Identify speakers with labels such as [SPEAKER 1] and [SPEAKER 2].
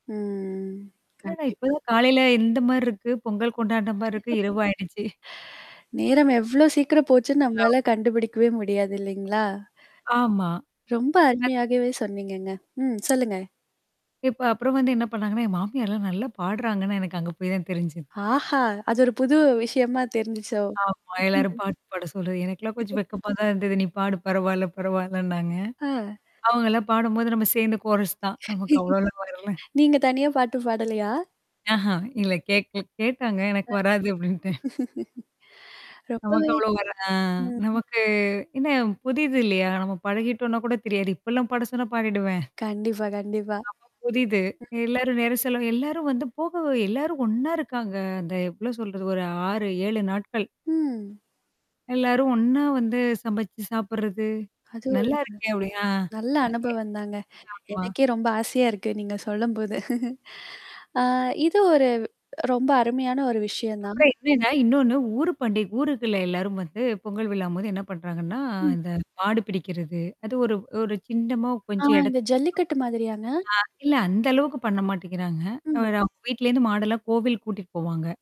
[SPEAKER 1] ம்.
[SPEAKER 2] இல்லடா,
[SPEAKER 1] கண்டிப்பா.
[SPEAKER 2] இப்பதான் காலையில எந்த மாரி இருக்கு? பொங்கல் கொண்டானே மாரி இருக்கு இரவு ஆயிடுச்சு?
[SPEAKER 1] நேரம் எவ்ளோ சீக்கிரம் போச்சுன்னு
[SPEAKER 2] அவு
[SPEAKER 1] நம்மளால கண்டுபிடிக்கவே முடியாது, இல்லைங்களா?
[SPEAKER 2] ஆமா.
[SPEAKER 1] ரொம்ப
[SPEAKER 2] அது
[SPEAKER 1] அருமையாகவே சொன்னீங்கங்க. ம். சொல்லுங்க.
[SPEAKER 2] இப்ப அப்பறம் வந்து என்ன பண்ணாங்கன்னா, என் மாமியார்லாம் நல்லா பாடுறாங்கன்னா எனக்கு அங்க போய் தான் தெரிஞ்சது.
[SPEAKER 1] ஆஹா! அது ஒரு புது விஷயமா தெரிஞ்சுச்சோ.
[SPEAKER 2] ஆமா. எல்லாரும் பாட்டு பாட சொல்றது. எனக்கெல்லாம் கொஞ்சம் வெக்கமா தான் இருந்தது. "நீ பாடு பரவாயல பரவாயலன்னாங்க."
[SPEAKER 1] ஆ.
[SPEAKER 2] அவங்கலாம் பாடும்போது, நம்ம சேர்ந்த கோரஸ் தான். நமக்கு அவ்வளோலாம் வரல.
[SPEAKER 1] நீங்க தனியா பாட்டு பாடலையா?
[SPEAKER 2] ஆஹா, இல்ல கேட்கல கேட்டாங்க.
[SPEAKER 1] ஆ,
[SPEAKER 2] "எனக்கு வராது" அப்படின்ட்டேன். நமக்கு
[SPEAKER 1] ரொம்பவே
[SPEAKER 2] அவ்வளோ வர ஆ,
[SPEAKER 1] ம்.
[SPEAKER 2] நமக்கு என்ன, புதிது இல்லையா? நம்ம பழகிட்டோம்னா கூட தெரியாது. இப்பலாம் பாட சொன்னா பாடிடுவேன்.
[SPEAKER 1] கண்டிப்பா, கண்டிப்பா.
[SPEAKER 2] அப்ப புதிது.
[SPEAKER 1] ம்.
[SPEAKER 2] எல்லாரும் வெற சொல்லவும், எல்லாரும் வந்து போகவ எல்லாரும் ஒண்ணா இருக்காங்க. அந்த எவ்ளோ சொல்றது ஒரு 6, 7 நாட்கள்.
[SPEAKER 1] ம்.
[SPEAKER 2] எல்லாரும் ஒண்ணா வந்து சமைச்சு சாப்படுறது.
[SPEAKER 1] அது ஒரு
[SPEAKER 2] நல்லாருக்கே அப்படி, ஆ,
[SPEAKER 1] நல்ல
[SPEAKER 2] அங்கயே
[SPEAKER 1] அனுபவம் தாங்க.
[SPEAKER 2] ஆமா.
[SPEAKER 1] எனக்கே ரொம்ப ஆசையா இருக்கு, நீங்க சொல்லும்போது. ஆ, இது ஒரு ரொம்ப அருமையான ஒரு விஷயம் தான்.
[SPEAKER 2] அப்புறம், என்னன்னா, இன்னொன்னு ஊர் பண்டி ஊருக்குள்ள எல்லாரும் வந்து, பொங்கல் விழாம்போது என்ன பண்றாங்கன்னா,
[SPEAKER 1] ம்.
[SPEAKER 2] இந்த மாடு பிடிக்கிறது, அது ஒரு ஒரு சின்னமா
[SPEAKER 1] ஆ,
[SPEAKER 2] கொஞ்சம்
[SPEAKER 1] இந்த
[SPEAKER 2] இடத்து
[SPEAKER 1] ஜல்லிக்கட்டு மாதிரியாங்க?
[SPEAKER 2] ஆ, இல்ல அந்த அளவுக்கு பண்ண மாட்டேங்கிறாங்க.
[SPEAKER 1] ம்.
[SPEAKER 2] அவங்க வீட்லேருந்து மாடெல்லாம் கோவிலுக்கு கூட்டிட்டு போவாங்க.